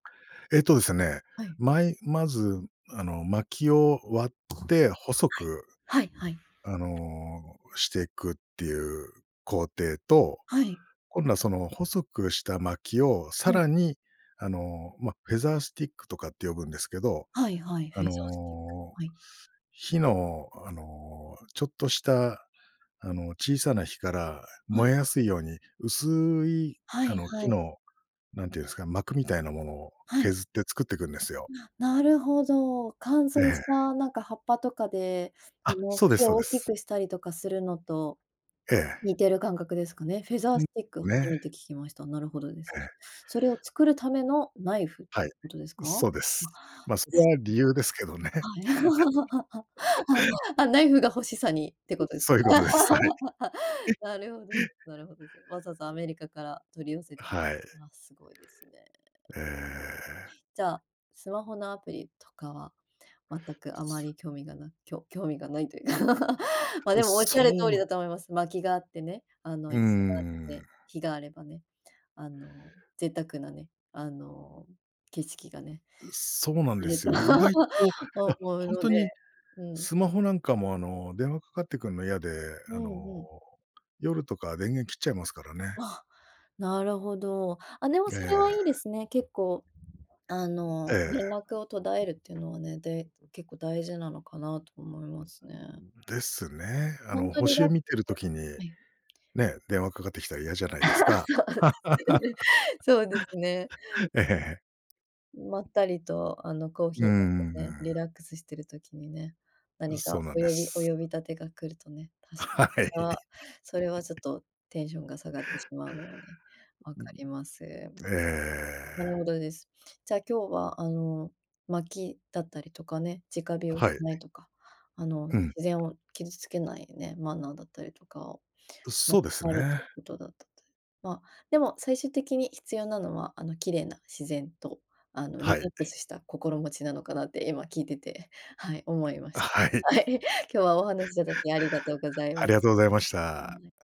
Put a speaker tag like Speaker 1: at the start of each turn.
Speaker 1: えとですね、
Speaker 2: はい。
Speaker 1: まい、まず、あの薪を割って細
Speaker 2: はい、
Speaker 1: く
Speaker 2: はいはい。
Speaker 1: あの、していくっていう工程と、
Speaker 2: はい。
Speaker 1: 今度はその細くした薪を
Speaker 2: は
Speaker 1: さ
Speaker 2: い。
Speaker 1: らに、あの、ま、フェザースティックとかって呼ぶんですけど、
Speaker 2: はいはい、フェ
Speaker 1: あ
Speaker 2: ザースティック。
Speaker 1: の、
Speaker 2: はい。
Speaker 1: 火のあの、ちょっとしたあの小さな火から
Speaker 2: は
Speaker 1: 燃
Speaker 2: い。
Speaker 1: えやすいように、薄い
Speaker 2: は
Speaker 1: あ
Speaker 2: い
Speaker 1: の
Speaker 2: は
Speaker 1: 木
Speaker 2: い。
Speaker 1: の、なんて言うんですか、膜みたいなものを
Speaker 2: はい。
Speaker 1: 削って作っていくんですよ。
Speaker 2: なるほど、乾
Speaker 1: え
Speaker 2: 燥
Speaker 1: え。
Speaker 2: したなんか葉っぱとかで、あ
Speaker 1: あ、
Speaker 2: の
Speaker 1: そうで
Speaker 2: 火
Speaker 1: すそう
Speaker 2: を大
Speaker 1: で
Speaker 2: き
Speaker 1: す。
Speaker 2: くしたりとかするのと、
Speaker 1: ええ。
Speaker 2: 似てる感覚ですかね。フェザー
Speaker 1: うん、
Speaker 2: スティック初
Speaker 1: ね。
Speaker 2: めて聞きました。なるほどです。
Speaker 1: ええ。
Speaker 2: それを作るためのナイフって
Speaker 1: はい。
Speaker 2: ことですか？
Speaker 1: そうです。ま、それは理由ですけどね。
Speaker 2: あ。あ、ナイフが欲しさにってこ とですか。
Speaker 1: そういうことです。はい。
Speaker 2: なるほど なるほどですね。わざわざアメリカから取り寄せて。
Speaker 1: はい。
Speaker 2: ああ、すごいですね。
Speaker 1: ええ。
Speaker 2: じゃあ、スマホのアプリとかは、全くあま
Speaker 1: す。
Speaker 2: り興味がなきょ興味がないというか、まあ、でもおっ
Speaker 1: そ
Speaker 2: しゃる通り
Speaker 1: う
Speaker 2: だと思います。薪があってね、あの、
Speaker 1: う
Speaker 2: 椅子があって、
Speaker 1: ん。
Speaker 2: 火があればね、あの、贅沢なね、あの、景色がね。
Speaker 1: そうなん
Speaker 2: あ
Speaker 1: で
Speaker 2: る
Speaker 1: す
Speaker 2: と
Speaker 1: よね、意外と、いや、
Speaker 2: 思う
Speaker 1: 本
Speaker 2: の
Speaker 1: 当に
Speaker 2: で、うん。
Speaker 1: スマホなんかもあの、電話かかってくるの嫌で、
Speaker 2: う
Speaker 1: あ
Speaker 2: ん
Speaker 1: の
Speaker 2: うん。
Speaker 1: 夜とか電源切っちゃいますからね。
Speaker 2: あ、なるほど、あ、でも
Speaker 1: え
Speaker 2: それはいいで
Speaker 1: え。
Speaker 2: すね、結構、あの、
Speaker 1: え
Speaker 2: 連
Speaker 1: え。
Speaker 2: 絡を途絶えるっていうのはね、で、結構大事なのかなと思いますね。
Speaker 1: ですね。あ
Speaker 2: 本
Speaker 1: の
Speaker 2: 当リラッ
Speaker 1: 星
Speaker 2: ク
Speaker 1: 見てる時に、
Speaker 2: スはい。
Speaker 1: ね、電話かかってきたら嫌じゃないで
Speaker 2: あ、
Speaker 1: すか。
Speaker 2: そうですね。そうですね。
Speaker 1: ええ。
Speaker 2: まったりとあのコーヒ
Speaker 1: う
Speaker 2: ー飲んでね、
Speaker 1: ん。
Speaker 2: リラックスしてる時にね、何か
Speaker 1: そうなん
Speaker 2: お
Speaker 1: で
Speaker 2: よびお
Speaker 1: す。
Speaker 2: 呼び立てが来るとね、
Speaker 1: はい。
Speaker 2: それはちょっとテンションが下がってしまうので、わかります。
Speaker 1: え
Speaker 2: なる
Speaker 1: え。
Speaker 2: ほどです。じゃあ今日はあの、巻きだったりとかね、直火を
Speaker 1: は
Speaker 2: し
Speaker 1: い。
Speaker 2: ないとか、あの、
Speaker 1: う
Speaker 2: 自
Speaker 1: ん。
Speaker 2: 然を傷つけないね、マナーだったりとか、
Speaker 1: そうですね。
Speaker 2: ことだったと。まあ、でも最終的に必要なのは、あの、綺麗な自然と、あの、リ
Speaker 1: は
Speaker 2: ラ
Speaker 1: い。
Speaker 2: ックスした心持ちなのかなって今聞いてて、はい、思いまし
Speaker 1: はい。
Speaker 2: た。はい、今日はお話しいただきありがとうございま
Speaker 1: ありが
Speaker 2: す。
Speaker 1: とうございました。